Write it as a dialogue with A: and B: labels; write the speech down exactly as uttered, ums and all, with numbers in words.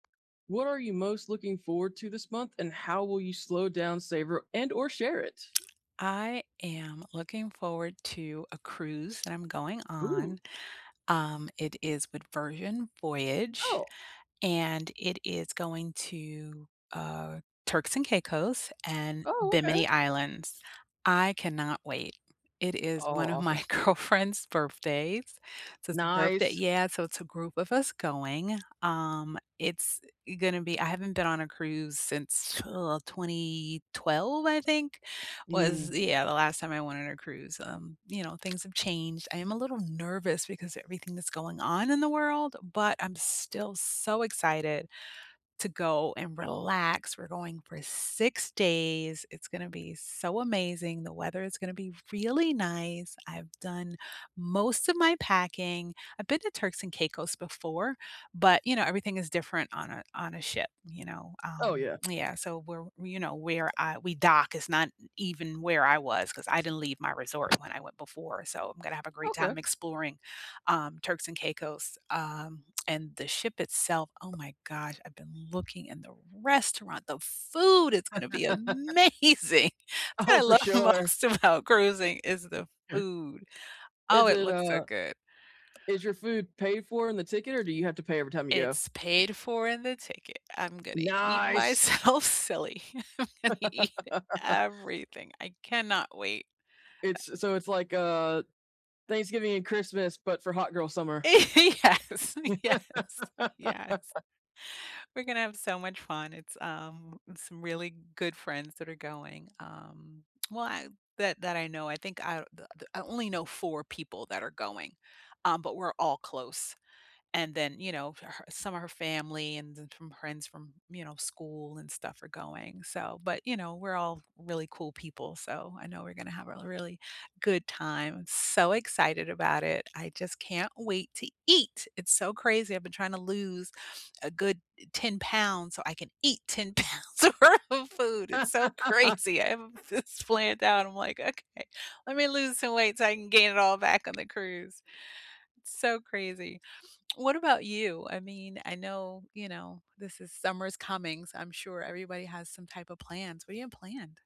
A: What are you most looking forward to this month, and how will you slow down, savor, and or share it?
B: I am looking forward to a cruise that I'm going on.
A: Ooh.
B: Um, it is with Virgin Voyage,
A: Oh!
B: and it is going to, uh, Turks and Caicos and
A: Oh, okay.
B: Bimini Islands. I cannot wait. It is
A: Oh,
B: one of my
A: awesome.
B: girlfriend's birthdays. So it's a birthday
A: Nice.
B: Yeah, so it's a group of us going, um, it's gonna be I haven't been on a cruise since, t uh, twenty twelve, I think, was,
A: Mm.
B: yeah, the last time I went on a cruise, um, you know, things have changed. I am a little nervous because everything that's going on in the world, but I'm still so excited to go and relax. We're going for six days. It's gonna be so amazing. The weather is gonna be really nice. I've done most of my packing. I've been to Turks and Caicos before, but, you know, everything is different on a on a ship, you know?
A: Oh,
B: Um,
A: yeah.
B: yeah. So where you know, where I we dock is not even where I was, 'cause I didn't leave my resort when I went before, so I'm gonna have a great
A: Okay.
B: time exploring, um, Turks and Caicos. Um, and the ship itself, oh my gosh, I've been looking, and the restaurant, the food is gonna be amazing. That's what I
A: Oh, for
B: love
A: sure.
B: most about cruising is the food. Oh,
A: Is
B: it
A: it
B: looks so
A: a
B: good.
A: Is your food paid for in the ticket, or do you have to pay every time you go?
B: It's paid for in the ticket. I'm gonna eat
A: Nice!
B: myself silly. I'm gonna eat everything. I cannot wait. I
A: It's so it's like, uh, Thanksgiving and Christmas, but for hot girl summer.
B: Yes, yes, yes. We're gonna have so much fun. It's, um, some really good friends that are going. Um, well, ah that that I know, I think out of the the I only know four people that are going, um, but we're all close. And then, you know, for her some of her family and then some friends from, you know, school and stuff are going, so but, you know, we're all really cool people, so I know we're gonna have a really good time. I'm so excited about it. I just can't wait to eat! It's so crazy. I've been trying to lose a good ten pounds so I can eat ten pounds worth of food. It's so crazy; I have this planned out. I'm like, "Okay. Let me lose some weight so I can gain it all back on the cruise." It's so crazy. What about you? I mean, I know, you know, this is summer's coming, so I'm sure everybody has some type of plans. What do you have planned?